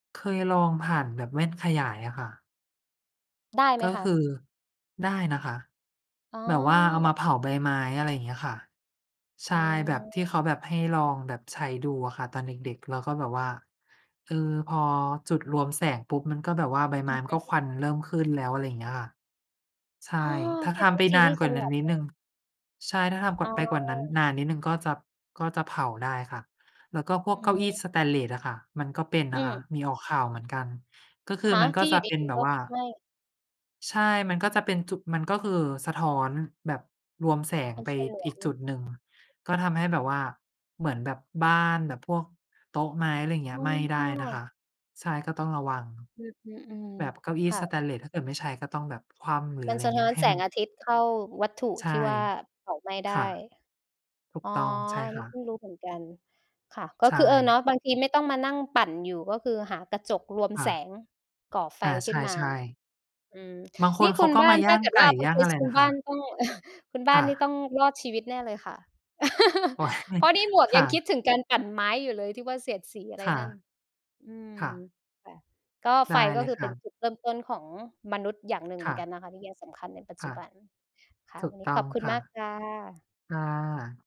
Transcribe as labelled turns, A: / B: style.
A: เคยลองผ่านแบบแว่นขยายอะค่ะ
B: ได้ไห
A: ก
B: ม
A: ็
B: ค
A: คื
B: ะ?
A: อ ได้นะคะ
B: อ๋
A: แบบว่าเอาม
B: อ
A: าเผาใบไม้ อะไรอย่างเงี้ยค่ะ ใ
B: อ
A: ช
B: ื
A: ่ แบบ ที่เขา
B: ม
A: แบบให้ลองแบบใช้ดูอะค่ะ ตอนเด็ก ๆ แล้วก็แบบว่า เออ พอจุดรวมแสงปุ๊บ มันก็แบบว่าใบไ
B: อ
A: ม
B: ื
A: ้
B: อ
A: มั
B: ฮ
A: นก็ค
B: ึ
A: วันเริ่มขึ้นแล้ว อะไรอย่างเงี้ยค่ะ ใช่
B: อ๋อ
A: ถ้
B: น
A: า
B: ี่เ
A: ท
B: ป็น
A: ำ
B: ว
A: ไป
B: ิธ
A: น
B: ี
A: า
B: ท
A: น
B: ี่
A: กว
B: ฉ
A: ่า
B: ล
A: นั้น
B: าด
A: นิด
B: ม
A: ห
B: า
A: นึ่ง
B: ก
A: ใช่ ถ้าทำ ก
B: อ๋
A: ไปกว่านั้น
B: อ
A: นานนิดหนึ่ง ก็จะ ก็จะเผาได้ค่ะ แล้วก็พว
B: อ
A: ก
B: ื
A: เก้
B: อ
A: า
B: ฮ
A: อี้
B: ึ
A: สเตนเลสอะค่ะ มันก็เป็น
B: อ
A: น
B: ื
A: ะคะ
B: ม
A: มีออกข่าวเหมือนกัน ก็คือ
B: ฮะ?
A: มันก
B: ท
A: ็
B: ี่
A: จ
B: อย
A: ะ
B: ู่
A: เ
B: ด
A: ป็น
B: ี
A: แบ
B: ๆ ก
A: บ
B: ็
A: ว่า
B: ไหม้
A: ใช่ มันก็จะเป็นจุด มันก็คือสะท้อนแบบรวมแสง
B: เป็
A: ไ
B: น
A: ป
B: ฉล
A: อ
B: ว
A: ีก
B: ง
A: จุดหนึ่ง ก็ทำให้แบบว่า เหมือนแบบบ้านแบบพวกโต๊ะไม้ อะไรอย่างเงี้
B: ไห
A: ย
B: ม้
A: ไหม้ไ
B: ไ
A: ด้
B: ด
A: นะ
B: ้
A: คะ ใช่ ก็ต้องระวัง
B: อือ ๆ อืม
A: แบบเก้าอี้
B: ค่
A: สเ
B: ะ
A: ตนเลส ถ้าเกิดไม่ใช้ก็ต้องแบบคว่ำ หรือ
B: ม
A: อ
B: ั
A: ะไ
B: น
A: รอ
B: ส
A: ย่า
B: ะ
A: งเ
B: ท
A: งี
B: ้
A: ้
B: อ
A: ย
B: น
A: ให้
B: แส
A: มั
B: ง
A: น
B: อาทิตย์เข้าวัตถุ
A: ใช่
B: ที่ว่าเผาไหม้ได
A: ค่ะ
B: ้
A: ถู
B: อ
A: ก
B: ๋อ
A: ต้อง ใช่
B: อันน
A: ค
B: ี้
A: ่
B: เพิ
A: ะ
B: ่งรู้เหมือนกัน ค่ะ ก
A: ใ
B: ็
A: ช
B: คือ เออ เน
A: ่
B: าะ บางทีไม่ต้องมานั่งปั่นอยู่ ก็คือหากระจกรวม
A: ค่
B: แ
A: ะ
B: สง ก่อไฟ
A: อา
B: ข
A: ใ
B: ึ้นมา
A: ช่ ๆ
B: อืม
A: บางค
B: นี่
A: นเ
B: ค
A: ข
B: ุ
A: า
B: ณ
A: ก็
B: บ้า
A: มา
B: น
A: ย
B: ถ
A: ่
B: ้า
A: าง
B: เกิด
A: ไก
B: ว
A: ่
B: ่าเป็
A: ย
B: น
A: ่
B: เ
A: า
B: ค
A: งอะ
B: ส
A: ไร
B: คุ
A: น
B: ณ
A: ะ
B: บ
A: ค
B: ้า
A: ะ?
B: นก็ คุณบ
A: ค
B: ้าน
A: ่
B: นี่ต้อ
A: ะ
B: งรอดชีวิตแน่เลยค่ะ
A: โอ๊ย
B: เพราะนี่หมวก
A: ค
B: ย
A: ่
B: ังคิ
A: ะ
B: ดถึงการปั่นไม้อยู่เลยที่ว่าเสียดสีอะไร
A: ค่ะ
B: นั่น อืม
A: ค่ะ
B: ค่ะ ก็
A: ได
B: ไฟ
A: ้
B: ก
A: เ
B: ็
A: ลย
B: คือ
A: ค
B: เป
A: ่
B: ็น
A: ะ
B: จุดเริ่มต้นของมนุษย์อย่างหนึ่งเ
A: ค
B: หมื
A: ่
B: อนก
A: ะ
B: ันนะคะ ที่ยังสำคัญในปัจ
A: ค
B: จ
A: ่
B: ุ
A: ะ
B: บัน ค่ะ
A: ถู
B: ว
A: ก
B: ันน
A: ต
B: ี้
A: ้
B: ข
A: อง
B: อบคุณ
A: ค่ะ
B: มา
A: ค
B: ก
A: ่ะ
B: ค่ะ
A: ค่ะ ถูกต้องค่ะ ค่ะ